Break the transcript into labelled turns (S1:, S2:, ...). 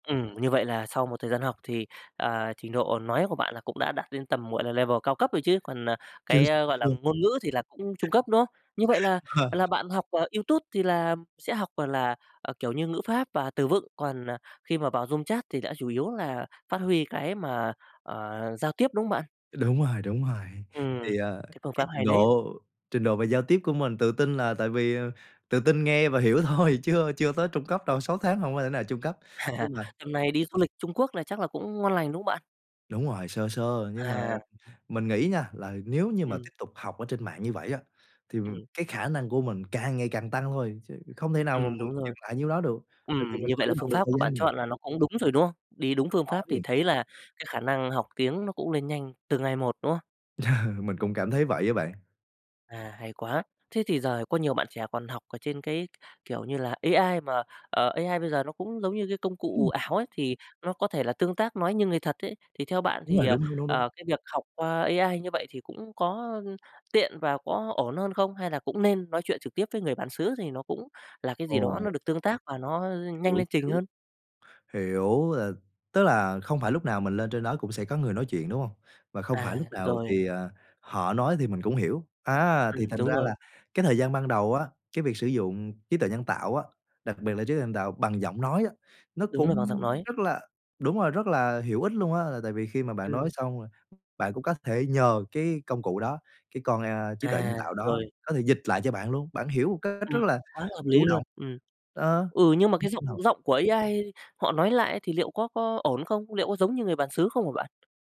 S1: Ừm, như vậy là sau một thời gian học thì, à, trình độ nói của bạn là cũng đã đạt đến tầm, gọi là, level cao cấp rồi chứ, còn, à,
S2: Chưa,
S1: cái, ơ,
S2: chưa,
S1: gọi là,
S2: chưa.
S1: ngôn ngữ thì là cũng trung cấp, đúng không? Như vậy là
S2: Ờ.
S1: là bạn học, à, YouTube thì là sẽ học, gọi là, à, kiểu như, ngữ pháp và từ vựng, còn, à, khi mà vào room chat thì đã chủ yếu là phát huy cái mà, ờ, giao tiếp, đúng không bạn?
S2: Đúng rồi, đúng rồi.
S1: Ừm,
S2: Thì, à,
S1: cái phương pháp
S2: cái trình
S1: hay đấy.
S2: độ trình độ về giao tiếp của mình tự tin là tại vì, ờ tự tin nghe và hiểu thôi, chứ, ơ, chưa tới trung cấp đâu, 6 tháng hông có thể nào trung cấp, nhưng mà
S1: Tầm này đi du lịch Trung Quốc là chắc là cũng ngon lành, đúng không bạn?
S2: Đúng rồi, sơ sơ. Nhưng mà
S1: À.
S2: mình nghĩ nha, là nếu như mà
S1: Ừm.
S2: tiếp tục học ở trên mạng như vậy á, thì, ừm,
S1: Ừm.
S2: cái khả năng của mình càng ngày càng tăng thôi, chứ không thể nào mà
S1: Ừm,
S2: mình
S1: đúng rồi.
S2: dừng lại nhiêu đó được, tại
S1: Ừm,
S2: vì mình
S1: như vậy là
S2: chủ
S1: phương
S2: động được
S1: pháp
S2: thời
S1: của bạn
S2: gian mà.
S1: chọn là nó cũng đúng rồi, đúng không? Đi đúng
S2: Đúng
S1: phương pháp thì
S2: rồi.
S1: thấy là cái khả năng học tiếng nó cũng lên nhanh từ ngày một, đúng không?
S2: Mình cũng cảm thấy vậy á bạn.
S1: À, hay quá. Thế thì giờ có nhiều bạn trẻ còn học ở trên cái, kiểu như là, AI mà, ờ, AI bây giờ nó cũng giống như cái công cụ
S2: Ừm.
S1: ảo ấy, thì nó có thể là tương tác, nói như người thật ấy, thì theo bạn
S2: Đúng
S1: thì,
S2: rồi,
S1: ờ,
S2: đúng, đúng, đúng, đúng.
S1: ờ, cái việc học qua AI như vậy thì cũng có, ơm, tiện và có ổn hơn không? Hay là cũng nên nói chuyện trực tiếp với người bản xứ thì nó cũng là cái gì đó nó
S2: Ồ.
S1: được tương tác và nó, ơ, nhanh
S2: Hiểu,
S1: lên trình
S2: hiểu.
S1: hơn?
S2: Hiểu, là tức là không phải lúc nào mình lên trên đó cũng sẽ có người nói chuyện, đúng hông? Và không phải
S1: À,
S2: lúc nào
S1: rồi.
S2: thì, à, họ nói thì mình cũng hiểu. Á,
S1: Ừm,
S2: thì thành
S1: đúng
S2: ra
S1: rồi.
S2: là cái thời gian ban đầu á, cái việc sử dụng trí tuệ nhân tạo á, đặc biệt là trí tuệ nhân tạo bằng giọng nói á, nó
S1: Đúng
S2: cũng
S1: là bằng giọng nói.
S2: rất là đúng rồi, rất là hữu ích luôn á. Là tại vì khi mà bạn nói
S1: Ừm.
S2: xong, bạn cũng có thể nhờ cái công cụ đó, cái con, a, trí tuệ nhân
S1: À,
S2: tạo đó,
S1: rồi.
S2: có thể dịch lại cho bạn luôn, bạn hiểu một cách rất
S1: Ừm,
S2: là
S1: quá hợp lý
S2: chủ
S1: luôn,
S2: động,
S1: ừm.
S2: đó.
S1: Ừ, nhưng mà cái
S2: Lúc
S1: giọng
S2: đầu
S1: giọng của AI họ nói lại á, thì liệu có có ổn không? Liệu có giống như người bàn xứ không hả bạn?